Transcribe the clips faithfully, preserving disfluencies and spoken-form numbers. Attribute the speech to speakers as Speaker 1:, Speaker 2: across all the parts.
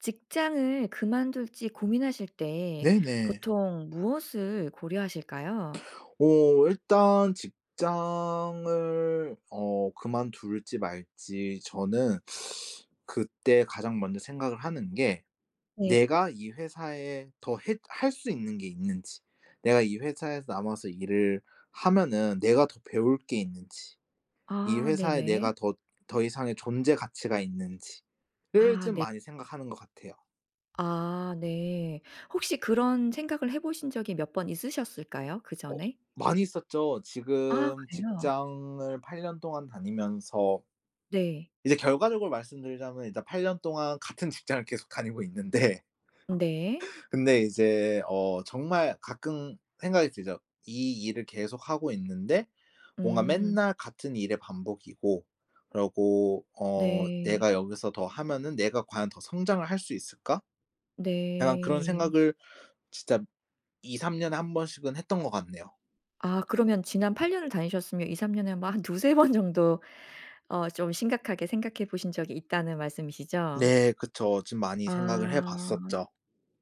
Speaker 1: 직장을 그만둘지 고민하실 때
Speaker 2: 네네.
Speaker 1: 보통 무엇을 고려하실까요?
Speaker 2: 어 일단 직장을 어 그만둘지 말지 저는 그때 가장 먼저 생각을 하는 게
Speaker 1: 네.
Speaker 2: '내가 이 회사에 더 했 할 수 있는 게 있는지. 내가 이 회사에서 남아서 일을 하면은 내가 더 배울 게 있는지. 이
Speaker 1: 아
Speaker 2: 회사에 내가
Speaker 1: 네네.
Speaker 2: 더 더 이상의 존재 가치가 있는지.'를
Speaker 1: 아
Speaker 2: 좀
Speaker 1: 네.
Speaker 2: 많이 생각하는 것 같아요.
Speaker 1: 아 네. 혹시 그런 생각을 해보신 적이 몇 번 있으셨을까요?
Speaker 2: 어.
Speaker 1: 그전에?
Speaker 2: 많이 있었죠.
Speaker 1: 아
Speaker 2: 지금
Speaker 1: 그래요?
Speaker 2: 직장을 팔 년 동안 다니면서
Speaker 1: 네.
Speaker 2: 이제 결과적으로 말씀드리자면 이제 팔 년 동안 같은 직장을 계속 다니고 있는데
Speaker 1: 음 네.
Speaker 2: 근데 이제 어 정말 가끔 생각이 들죠. '이 일을 계속하고 있는데 뭔가
Speaker 1: 음.
Speaker 2: 맨날 같은 일의 반복이고 그러고 어
Speaker 1: 네.
Speaker 2: 내가 여기서 더 하면은 내가 과연 더 성장을 할 수 있을까?' 약간 그런
Speaker 1: 네.
Speaker 2: 생각을 진짜 이삼 년에 한 번씩은 했던 것 같네요.
Speaker 1: 아 그러면 지난 팔 년을 다니셨으면 이삼 년에 뭐 한 두세 번 정도 어 좀 심각하게 생각해 보신 적이 있다는 말씀이시죠?
Speaker 2: 네 그쵸. 좀 많이 생각을
Speaker 1: 아
Speaker 2: 해봤었죠.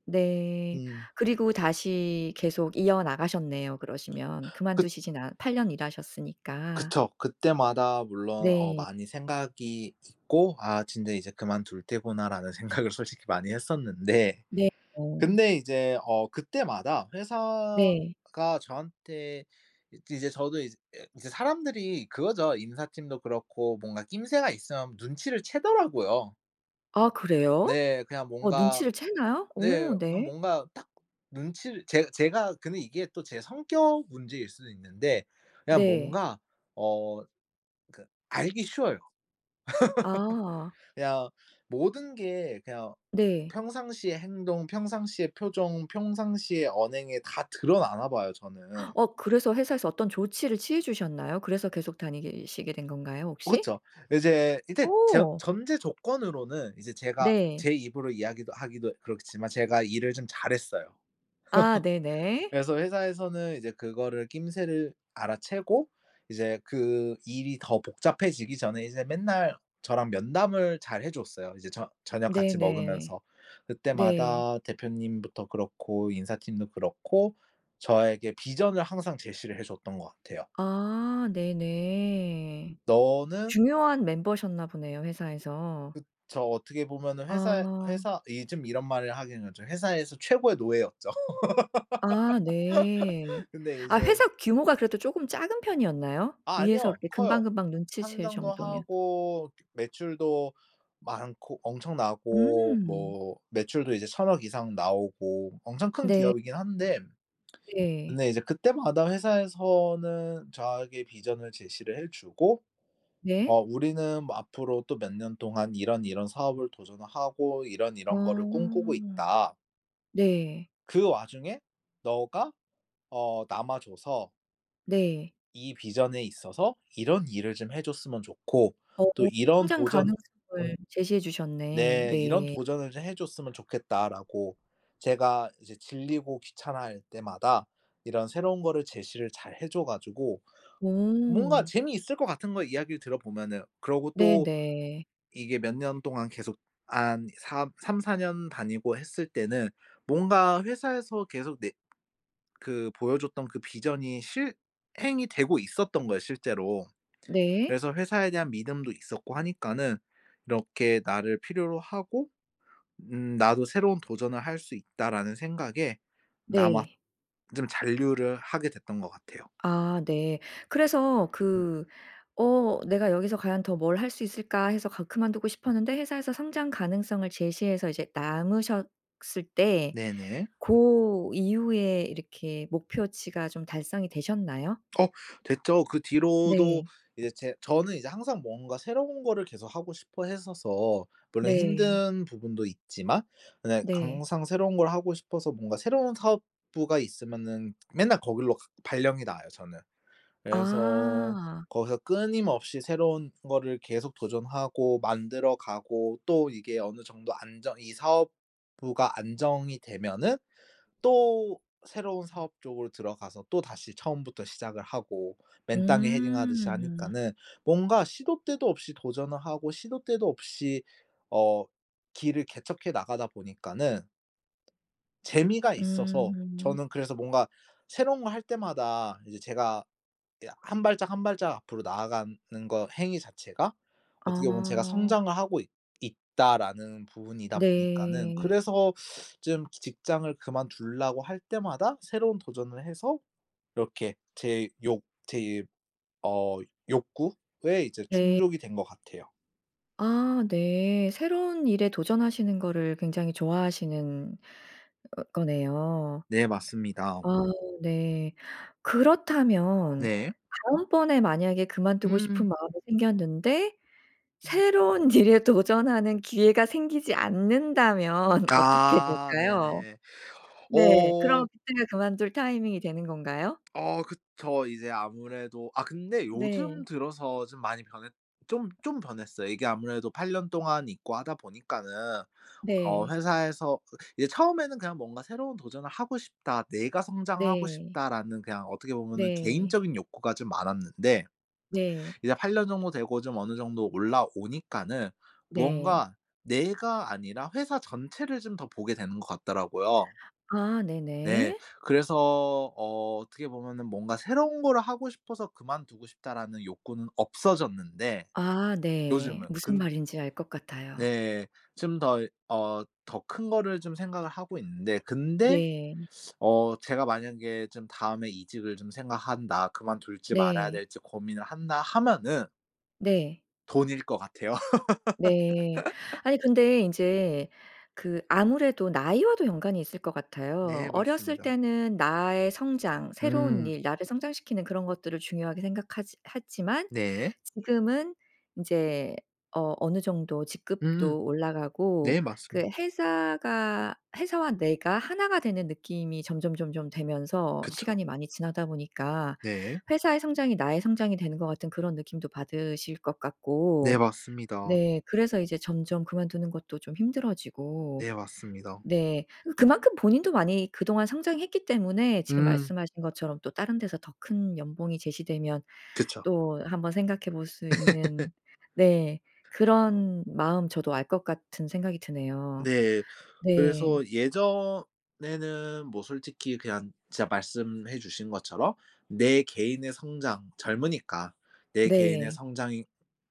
Speaker 1: 네.
Speaker 2: 음.
Speaker 1: 그리고 다시 계속 이어 나가셨네요 그러시면.
Speaker 2: 그
Speaker 1: 그만두시진 않 팔 년 일하셨으니까.
Speaker 2: 그쵸. 그때마다 물론 어
Speaker 1: 네.
Speaker 2: 많이 생각이 있고 '아 진짜 이제 그만둘 때구나.'라는 생각을 솔직히 많이 했었는데
Speaker 1: 네 어.
Speaker 2: 근데 이제 어 그때마다
Speaker 1: 네.
Speaker 2: 회사가 저한테 이 이제 저도 이제 이제 사람들이 그거죠. 인사팀도 그렇고 뭔가 낌새가 있으면 눈치를 채더라고요.
Speaker 1: 아 그래요?
Speaker 2: 네. 그냥
Speaker 1: 어
Speaker 2: 뭔가
Speaker 1: 눈치를 채나요?
Speaker 2: 네
Speaker 1: 어
Speaker 2: 그냥
Speaker 1: 네.
Speaker 2: 뭔가 딱 눈치를 제 제가 근데 이게 또 제 성격 문제일 수는 있는데 그냥
Speaker 1: 네.
Speaker 2: 뭔가 어 그 알기 쉬워요.
Speaker 1: 아.
Speaker 2: 그냥 모든 게 그냥
Speaker 1: 네.
Speaker 2: 평상시의 행동 평상시의 표정 평상시의 언행에 다 드러나나 봐요 저는.
Speaker 1: 어 그래서 회사에서 어떤 조치를 취해주셨나요? 그래서 계속 다니게 시게 된 건가요 혹시?
Speaker 2: 그렇죠. 이제 이제 전
Speaker 1: 어.
Speaker 2: 전제 조건으로는 이제 제가
Speaker 1: 네.
Speaker 2: 제 입으로 이야기도 하기도 그렇지만 제가 일을 좀 잘했어요.
Speaker 1: 아 네네.
Speaker 2: 그래서 회사에서는 이제 그거를 낌새를 알아채고 이제 그 일이 더 복잡해지기 전에 이제 맨날 저랑 면담을 잘 해줬어요. 이제 저 저녁 같이
Speaker 1: 네네.
Speaker 2: 먹으면서
Speaker 1: 네.
Speaker 2: 그때마다 대표님부터 그렇고 인사팀도 그렇고 저에게 vision을 항상 제시를 해줬던 거 같아요.
Speaker 1: 아 네네.
Speaker 2: 너는
Speaker 1: 중요한 멤버셨나 보네요 회사에서.
Speaker 2: 그쵸. 어떻게 보면은 회사에
Speaker 1: 아.
Speaker 2: 회사 이 좀 이런 말을 하기에는 좀 회사에서 최고의 노예였죠.
Speaker 1: 아 네.
Speaker 2: 근데
Speaker 1: 아
Speaker 2: 이제
Speaker 1: 회사 규모가 그래도 조금 작은 편이었나요?
Speaker 2: 아
Speaker 1: 위에서
Speaker 2: 아니요.
Speaker 1: 그렇게
Speaker 2: 커요.
Speaker 1: 금방금방 눈치챌
Speaker 2: 상장도
Speaker 1: 정도면.
Speaker 2: 하고 매출도 많고 엄청나고
Speaker 1: 음.
Speaker 2: 뭐 매출도 이제 천 억 이상 나오고 엄청 큰
Speaker 1: 네.
Speaker 2: 기업이긴 한데
Speaker 1: 네.
Speaker 2: 근데 이제 그때마다 회사에서는 저에게 vision을 제시를 해주고 어
Speaker 1: 네.
Speaker 2: "우리는 뭐 앞으로 또 몇 년 동안 이런이런 사업을 도전을 하고 이런이런 거를 꿈꾸고
Speaker 1: 아.
Speaker 2: 있다."
Speaker 1: 네.
Speaker 2: 그 와중에 너가 어 남아줘서...
Speaker 1: 네.
Speaker 2: "이 vision에 있어서 이런 일을 좀 해줬으먼 좋고
Speaker 1: 어.
Speaker 2: 또 이런
Speaker 1: 성장
Speaker 2: 도전"
Speaker 1: 가능성을 제시해 주셨네.
Speaker 2: 네. "이런
Speaker 1: 네.
Speaker 2: 도전을 좀 해 줬으면 좋겠다."라고 제가 이제 질리고 귀찮아할 때마다 이런 새로운 거를 제시를 잘 해 줘 가지고 뭔가
Speaker 1: 오.
Speaker 2: 재미있을 것 같은 거예요, 이야기를 들어보면은. 그러고 또
Speaker 1: 네네.
Speaker 2: 이게 몇 년 동안 계속 한 삼 삼사 년 다니고 했을 때는 뭔가 회사에서 계속 내 그 보여줬던 그 vision이 실행이 되고 있었던 거예요 실제로.
Speaker 1: 네.
Speaker 2: 그래서 회사에 대한 믿음도 있었고 하니까는 '이렇게 나를 필요로 하고 음 나도 새로운 도전을 할 수 있다.'라는 생각에 남았
Speaker 1: 네.
Speaker 2: 좀 잔류를 하게 됐던 것 같아요.
Speaker 1: 아. 네. 그래서
Speaker 2: 음.
Speaker 1: 그 어 '내가 여기서 과연 더 뭘 할 수 있을까?' 해서 가 그만두고 싶었는데 회사에서 성장 가능성을 제시해서 이제 남으셨을 때
Speaker 2: 네네.
Speaker 1: 고 이후에 이렇게 목표치가 좀 달성이 되셨나요?
Speaker 2: 어 됐죠. 그 뒤로도
Speaker 1: 네.
Speaker 2: 이제 제 저는 이제 항상 뭔가 새로운 거를 계속하고 싶어했어서 물론
Speaker 1: 네.
Speaker 2: 힘든 부분도 있지만 근데
Speaker 1: 네.
Speaker 2: 강상 새로운 걸 하고 싶어서 뭔가 새로운 사업부가 있으면은 맨날 거기로 가 발령이 나요 저는. 그래서
Speaker 1: 아.
Speaker 2: 거기서 끊임없이 새로운 거를 계속 도전하고 만들어 가고 또 이게 어느 정도 안정 이 사업부가 안정이 되면은 또 새로운 사업 쪽으로 들어가서 또다시 처음부터 시작을 하고 맨땅에 헤딩하듯이
Speaker 1: 음.
Speaker 2: 하니까는 뭔가 시도 때도 없이 도전을 하고 시도 때도 없이 어 길을 개척해 나가다 보니까는 재미가 있어서
Speaker 1: 음.
Speaker 2: 저는 그래서 뭔가 새로운 거 할 때마다 이제 제가 이 한 발짝 한 발짝 앞으로 나아가는 거 행위 자체가 어떻게 보면 제가
Speaker 1: 아.
Speaker 2: '성장을 하고 있 있다.'라는 부분이다 보니까는
Speaker 1: 네.
Speaker 2: 그래서 좀 직장을 그만두려고 할 때마다 새로운 도전을 해서 이렇게 제 욕 제 어 욕구에 이제
Speaker 1: 네.
Speaker 2: 충족이 된 것 같아요.
Speaker 1: 아 네. 새로운 일에 도전하시는 거를 굉장히 좋아하시는 어 거네요.
Speaker 2: 네 맞습니다.
Speaker 1: 아 네. 그렇다면
Speaker 2: 네.
Speaker 1: 다음번에 만약에 그만두고
Speaker 2: 음.
Speaker 1: 싶은 마음이 생겼는데 새로운 일에 도전하는 기회가 생기지 않는다면 어떻게
Speaker 2: 아
Speaker 1: 될까요?
Speaker 2: 네네.
Speaker 1: 네 그럼
Speaker 2: 어
Speaker 1: 그때가 그만둘 타이밍이 되는 건가요?
Speaker 2: 어 그쵸. 이제 아무래도 아 근데 요즘
Speaker 1: 네.
Speaker 2: 들어서 좀 많이 변했 좀 좀 변했어요. 이게 아무래도 팔 년 동안 있고 하다 보니까는 어
Speaker 1: 네.
Speaker 2: 회사에서 이제 처음에는 그냥 뭔가 '새로운 도전을 하고 싶다. 내가 성장하고
Speaker 1: 네.
Speaker 2: 싶다.'라는 그냥 어떻게 보면은
Speaker 1: 네.
Speaker 2: 개인적인 욕구가 좀 많았는데
Speaker 1: 네.
Speaker 2: 이제 팔 년 정도 되고 좀 어느 정도 올라오니까는
Speaker 1: 네.
Speaker 2: 무언가 내가 아니라 회사 전체를 좀 더 보게 되는 것 같더라고요.
Speaker 1: 아
Speaker 2: 네.
Speaker 1: 네네.
Speaker 2: 그래서 어 어떻게 보면은 뭔가 '새로운 거를 하고 싶어서 그만두고 싶다.'라는 욕구는 없어졌는데
Speaker 1: 아 네.
Speaker 2: 요즘은.
Speaker 1: 무슨
Speaker 2: 근
Speaker 1: 말인지 알 것 같아요.
Speaker 2: 네. 좀 더 이 어 더 큰 거를 좀 생각을 하고 있는데 근데
Speaker 1: 네.
Speaker 2: 어 제가 만약에 좀 다음에 '이직을 좀 생각한다. 그만둘지 말아야
Speaker 1: 네.
Speaker 2: 될지 고민을 한다.' 하면은
Speaker 1: 네.
Speaker 2: 돈일 것 같아요.
Speaker 1: 네. 아니 근데 이제 그 아무래도 나이와도 연관이 있을 것 같아요.
Speaker 2: 네
Speaker 1: 어렸을
Speaker 2: 맞습니다.
Speaker 1: 때는 나의 성장 새로운
Speaker 2: 음.
Speaker 1: 일 나를 성장시키는 그런 것들을 중요하게 생각하지 했지만
Speaker 2: 네.
Speaker 1: 지금은 인제 어 어느 정도
Speaker 2: 음.
Speaker 1: 직급도 올라가고
Speaker 2: 네
Speaker 1: 그
Speaker 2: 맞습니다.
Speaker 1: 회사가 회사와 내가 하나 가 되는 느낌이 점점점점 되면서
Speaker 2: 그쵸.
Speaker 1: 시간이 많이 지나다 보니까
Speaker 2: 네.
Speaker 1: 회사의 성장이 나의 성장이 되는 것 같은 그런 느낌도 받으실 것
Speaker 2: 네
Speaker 1: 같고.
Speaker 2: 맞습니다.
Speaker 1: 네. 그래서 이제 점점 그만두는 것도 좀 힘들어지고
Speaker 2: 네 맞습니다.
Speaker 1: 네. 그만큼 본인도 많이 그동안 많이 성장했기 때문에 지금
Speaker 2: 음.
Speaker 1: 말씀하신 것처럼 또 다른 데서 더 큰 연봉이 제시되면
Speaker 2: 그쵸.
Speaker 1: 또 한번 생각해 볼 수 있는 네. 그런 마음 저도 알 것 같은 생각이 드네요.
Speaker 2: 네
Speaker 1: 네.
Speaker 2: 그래서 예전에는 뭐 솔직히 그냥 진짜 말씀해 주신 것처럼 내 개인의 성장 젊으니까 내 개인의
Speaker 1: 네.
Speaker 2: 성장이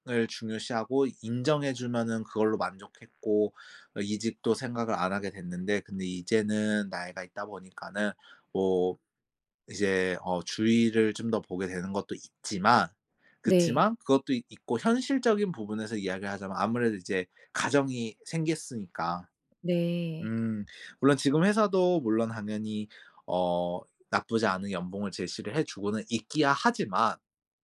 Speaker 2: 을 중요시하고 인정해 주면은 그걸로 만족했고 어 이직도 생각을 안 하게 됐는데 근데 이제는 나이가 있다 보니까는 뭐 이제 어 주위를 좀 더 보게 되는 것도 있지만
Speaker 1: 네.
Speaker 2: 그치만 그것도 있고 현실적인 부분에서 이야기를 하자면 아무래도 이제 가정이 생겼으니까.
Speaker 1: 네.
Speaker 2: 음 물론 지금 회사도 물론 당연히 어 나쁘지 않은 연봉을 제시를 해 주고는 있기야 하지만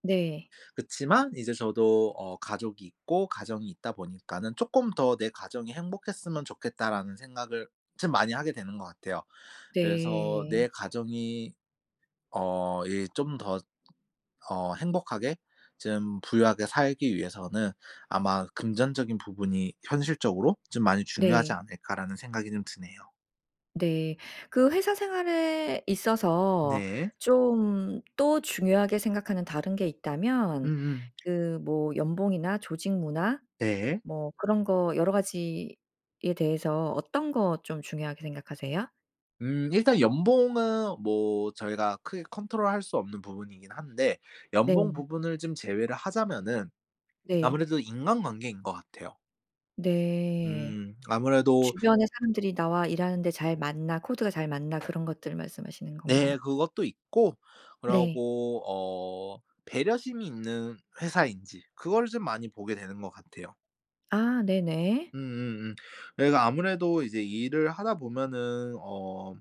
Speaker 1: 네.
Speaker 2: 그치만 이제 저도 어 가족이 있고 가정이 있다 보니까는 쪼끔 더 '내 가정이 행복했으면 좋겠다.'라는 생각을 참 많이 하게 되는 거 같아요. 그래서
Speaker 1: 네.
Speaker 2: 내 가정이 어 이 좀 더 어 행복하게 좀 부유하게 살기 위해서는 아마 '금전적인 부분이 현실적으로 좀 많이 중요하지
Speaker 1: 네.
Speaker 2: 않을까.'라는 생각이 좀 드네요.
Speaker 1: 네. 그 회사 생활에 있어서
Speaker 2: 네.
Speaker 1: 좀 또 중요하게 생각하는 다른 게 있다면
Speaker 2: 음음.
Speaker 1: 그 뭐 연봉이나 조직 문화
Speaker 2: 네.
Speaker 1: 뭐 그런 거 여러 가지에 대해서 어떤 거 좀 중요하게 생각하세요?
Speaker 2: 음 일단 연봉은 뭐 저희가 크게 control 할 수 없는 부분이긴 한데
Speaker 1: 네.
Speaker 2: 연봉 부분을 좀 제외를 하자면은
Speaker 1: 네.
Speaker 2: 아무래도 인간관계인 거 같아요.
Speaker 1: 네.
Speaker 2: 음 아무래도
Speaker 1: '주변에 사람들이 나와 일하는데 잘 맞나. 코드가 잘 맞나.' 그런 것들을 말씀하시는 건가요?
Speaker 2: 네. 그것도 있고
Speaker 1: 네.
Speaker 2: 그러고 어 배려심이 있는 회사인지 그걸 좀 많이 보게 되는 거 같아요.
Speaker 1: 아 네네.
Speaker 2: 음음음. 내가 아무래도 이제 일을 하다 보면은 어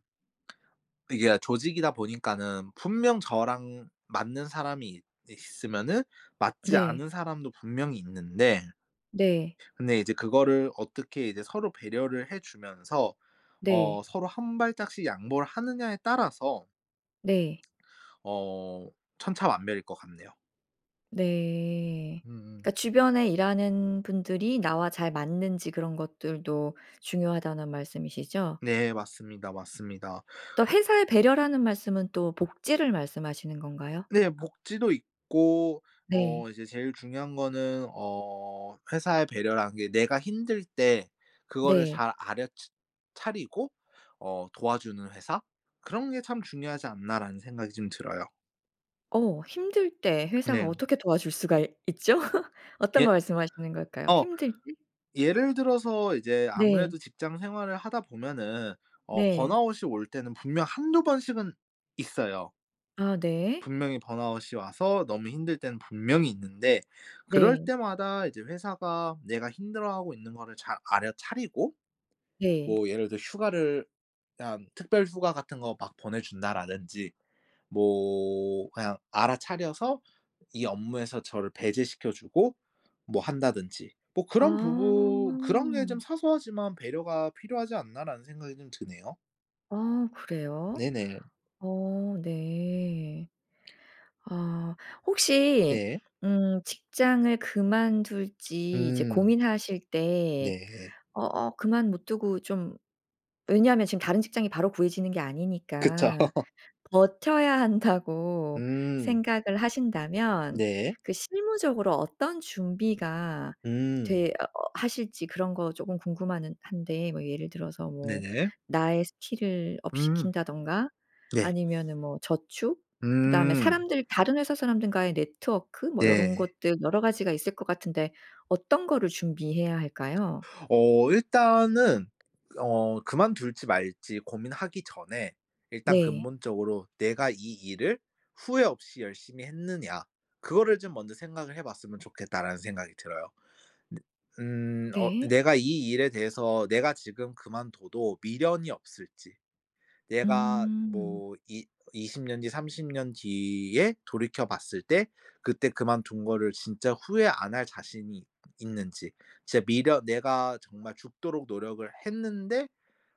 Speaker 2: 이게 다 조직이다 보니까는 분명 저랑 맞는 사람이 있 있으면은 맞지
Speaker 1: 네.
Speaker 2: 않은 사람도 분명히 있는데...
Speaker 1: 네.
Speaker 2: 근데 이제 그거를 어떻게 이제 서로 배려를 해 주면서 어
Speaker 1: 네.
Speaker 2: 서로 한 발짝씩 양보를 하느냐에 따라서...
Speaker 1: 네.
Speaker 2: 어 천차만별일 것 같네요.
Speaker 1: 네.
Speaker 2: 음음.
Speaker 1: 그니까 주변에 일하는 분들이 나와 잘 맞는지 그런 것들도 중요하다는 말씀이시죠?
Speaker 2: 네 맞습니다. 맞습니다.
Speaker 1: 또
Speaker 2: 어
Speaker 1: 회사의 배려라는 말씀은 또 복지를 말씀하시는 건가요?
Speaker 2: 네. 복지도 있고
Speaker 1: 네.
Speaker 2: 어 이제 제일 중요한 거는 어 회사의 배려라는 게 '내가 힘들 때 그거를
Speaker 1: 네.
Speaker 2: 잘 알여 ㅊ 차리고 어 도와주는 회사 그런 게 참 중요하지 않나.'라는 생각이 좀 들어요.
Speaker 1: 어 힘들 때 회사가
Speaker 2: 네.
Speaker 1: 어떻게 도와줄 수가 이 있죠? 어떤
Speaker 2: 예.
Speaker 1: 거 말씀하시는 걸까요?
Speaker 2: 어
Speaker 1: 힘들
Speaker 2: 예를 들어서 이제
Speaker 1: 네.
Speaker 2: 아무래도 직장 생활을 하다 보면은 어
Speaker 1: 네.
Speaker 2: burnout이 올 때는 분명 한두 번씩은 있어요.
Speaker 1: 아 네.
Speaker 2: 분명히 burnout이 와서 너무 힘들 때는 분명히 있는데 그럴
Speaker 1: 네.
Speaker 2: 때마다 이제 회사가 내가 힘들어하고 있는 거를 잘 알여차리고
Speaker 1: 네.
Speaker 2: 뭐 예를 들어 휴가를 그냥 특별 휴가 같은 거 막 보내 준다라든지 뭐 그냥 알아차려서 이 업무에서 저를 배제시켜 주고 뭐 한다든지 뭐 그런 부분 그런 게 좀
Speaker 1: 아.
Speaker 2: '사소하지만 배려가 필요하지 않나.'라는 생각이 좀 드네요.
Speaker 1: 아 그래요?
Speaker 2: 네네.
Speaker 1: 어 네. 아. 혹시
Speaker 2: 네.
Speaker 1: 음 직장을 그만둘지 이제
Speaker 2: 음.
Speaker 1: 고민하실 때
Speaker 2: 네.
Speaker 1: 어 어 그만 못 두고 좀 왜냐하면 지금 다른 직장이 바로 구해지는 게
Speaker 2: 그쵸.
Speaker 1: 아니니까 '버텨야 한다.'고
Speaker 2: 음.
Speaker 1: 생각을 하신다면
Speaker 2: 네.
Speaker 1: 그 실무적으로 어떤 준비가
Speaker 2: 음.
Speaker 1: 되어 하실지 그런 거 조금 궁금한데 뭐 예를 들어서 뭐
Speaker 2: 네네.
Speaker 1: 나의 스킬을 업
Speaker 2: 음.
Speaker 1: 시킨다든가
Speaker 2: 네.
Speaker 1: 아니면은 뭐 저축 그다음에
Speaker 2: 음.
Speaker 1: 사람들 다른 회사 사람들과의 네트워크 뭐 요런
Speaker 2: 네.
Speaker 1: 것들 여러 가지가 있을 것 같은데 어떤 거를 준비해야 할까요?
Speaker 2: 어 일단은 어 그만둘지 말지 고민하기 전에 일단
Speaker 1: 네.
Speaker 2: 근본적으로 '"내가 이 일을 후회 없이 열심히 했느냐." 그거를 좀 먼저 생각을 해 봤으면 좋겠다.'라는 생각이 들어요. 내 음 어
Speaker 1: 네.
Speaker 2: 내가 이 일에 대해서 내가 지금 그만둬도 미련이 없을지, 내가
Speaker 1: 음.
Speaker 2: 뭐 이 이십 년 뒤, 삼십 년 뒤에 돌이켜 봤을 때 그때 그만둔 거를 진짜 후회 안 할 자신이 있는지, 진짜 미련 내가 정말 죽도록 노력을 했는데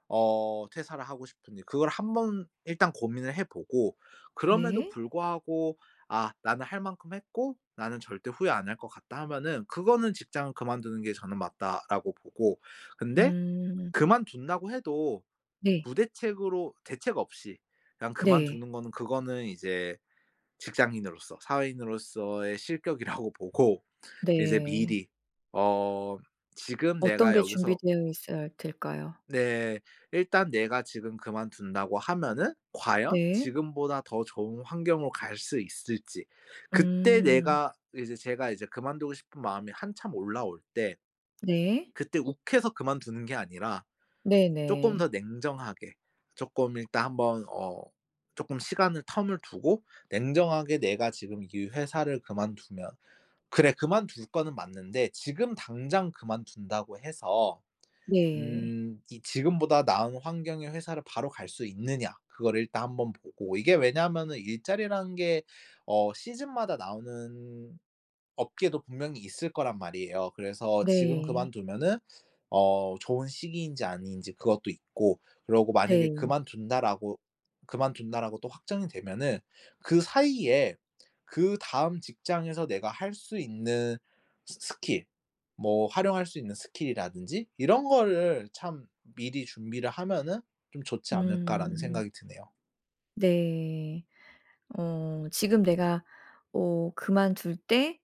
Speaker 2: 어 퇴사를 하고 싶은지 그걸 한번 일단 고민을 해 보고 그럼에도
Speaker 1: 네.
Speaker 2: 불구하고 '아 나는 할 만큼 했고 나는 절대 후회 안 할 것 같다.' 하면은 그거는 '직장을 그만두는 게 저는 맞다.'라고 보고 근데
Speaker 1: 음.
Speaker 2: 그만둔다고 해도
Speaker 1: 네.
Speaker 2: 무대책으로 대책 없이 그냥
Speaker 1: 네.
Speaker 2: 그만두는 거는 그거는 이제 직장인으로서, 사회인으로서의 실격이라고 보고 이제
Speaker 1: 네.
Speaker 2: 미리 어 지금
Speaker 1: 어떤
Speaker 2: 내가
Speaker 1: 게
Speaker 2: 여기서
Speaker 1: 준비되어 있어야 될까요?
Speaker 2: 네. 일단 내가 지금 그만둔다고 하면은 과연
Speaker 1: 네.
Speaker 2: 지금보다 더 좋은 환경으로 갈 수 있을지. 그때
Speaker 1: 음.
Speaker 2: 내가 이제 제가 이제 그만두고 싶은 마음이 한참 올라올 때
Speaker 1: 네.
Speaker 2: 그때 욱해서 그만두는 게 아니라 쪼끔
Speaker 1: 네네.
Speaker 2: 더 냉정하게 쪼끔 일단 한번 어 조금 시간을 텀을 두고 냉정하게 내가 지금 이 회사를 그만두면 '그래. 그만둘 거는 맞는데 지금 당장 그만둔다고 해서
Speaker 1: 네.
Speaker 2: 음 이 지금보다 나은 환경의 회사를 바로 갈 수 있느냐.' 그거를 일단 한번 보고. 이게 왜냐면은 일자리라는 게 어 시즌마다 나오는 업계도 분명히 있을 거란 말이에요. 그래서 지금
Speaker 1: 네.
Speaker 2: 그만두면은 어 좋은 시기인지 아닌지 그것도 있고 그러고 만약에
Speaker 1: 네.
Speaker 2: 그만둔다라고 그만둔다라고 또 확정이 되면은 그 사이에 그다음 직장에서 내가 할 수 있는 스 스킬 뭐 활용할 수 있는 스킬 이라든지 '이런 거를 참 미리 준비를 하면은 좀 좋지 않을까.'라는
Speaker 1: 음.
Speaker 2: 생각이 드네요.
Speaker 1: 네. 어 지금 내가 오 그만둘 때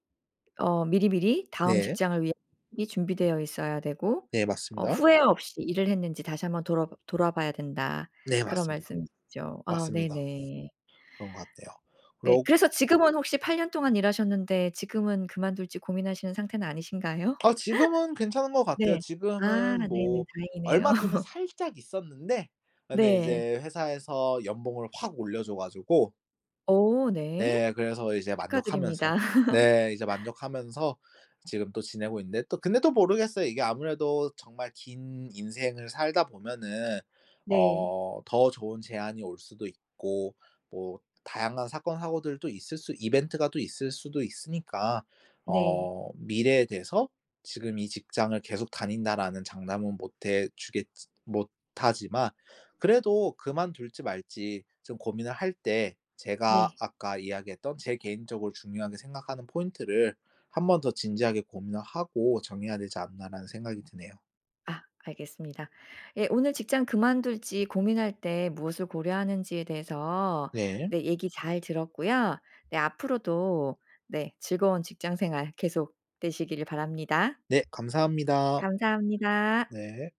Speaker 1: 어 미리미리 다음
Speaker 2: 네.
Speaker 1: 직장을 위한 이 준비되어 있어야 되고
Speaker 2: 네.
Speaker 1: 어
Speaker 2: 맞습니다.
Speaker 1: 후회없이 일을 했는지 다시 한번 돌아봐 돌아봐야 된다
Speaker 2: 네.
Speaker 1: 그런
Speaker 2: 맞습니다.
Speaker 1: 말씀이시죠? 아
Speaker 2: 맞습니다.
Speaker 1: 네네.
Speaker 2: 그런 것 같아요.
Speaker 1: 네.
Speaker 2: 그러
Speaker 1: 그래서 지금은 혹시 팔 년 동안 일하셨는데 지금은 그만둘지 고민하시는 상태는 아니신가요?
Speaker 2: 아. 지금은 괜찮은 것 같아요.
Speaker 1: 네. 아
Speaker 2: 지금은
Speaker 1: 네네.
Speaker 2: 뭐
Speaker 1: 다행이네요.
Speaker 2: 얼마 전에 살짝 있었는데 그런데
Speaker 1: 네.
Speaker 2: 이제 회사에서 연봉을 확 올려 줘 가지고
Speaker 1: 어 네.
Speaker 2: 네. 그래서 이제
Speaker 1: 축하드립니다.
Speaker 2: 만족하면서. 네 이제 만족하면서 지금 또 지내고 있는데 또 근데 또 모르겠어요. 이게 아무래도 정말 긴 인생을 살다 보면은
Speaker 1: 네.
Speaker 2: 어 더 좋은 제안이 올 수도 있고 뭐 다양한 사건 사고들도 있을 수 이벤트가 또 있을 수도 있으니까
Speaker 1: 네.
Speaker 2: 어 미래에 대해서 지금 이 직장을 계속 다닌다라는 장담은 못 해 주겠지 못 하지만 그래도 그만둘지 말지 좀 고민을 할 때 제가
Speaker 1: 네.
Speaker 2: 아까 이야기했던 제 개인적으로 중요하게 생각하는 포인트를 한번 더 진지하게 고민을 하고 정해야 되지 않나라는 생각이 드네요.
Speaker 1: 아. 알겠습니다. 예. 오늘 직장 그만둘지 고민할 때 무엇을 고려하는지에 대해서
Speaker 2: 네.
Speaker 1: 네 얘기 잘 들었고요. 네 앞으로도 네 즐거운 직장생활 계속 되시기를 바랍니다.
Speaker 2: 네. 감사합니다.
Speaker 1: 감사합니다.
Speaker 2: 네.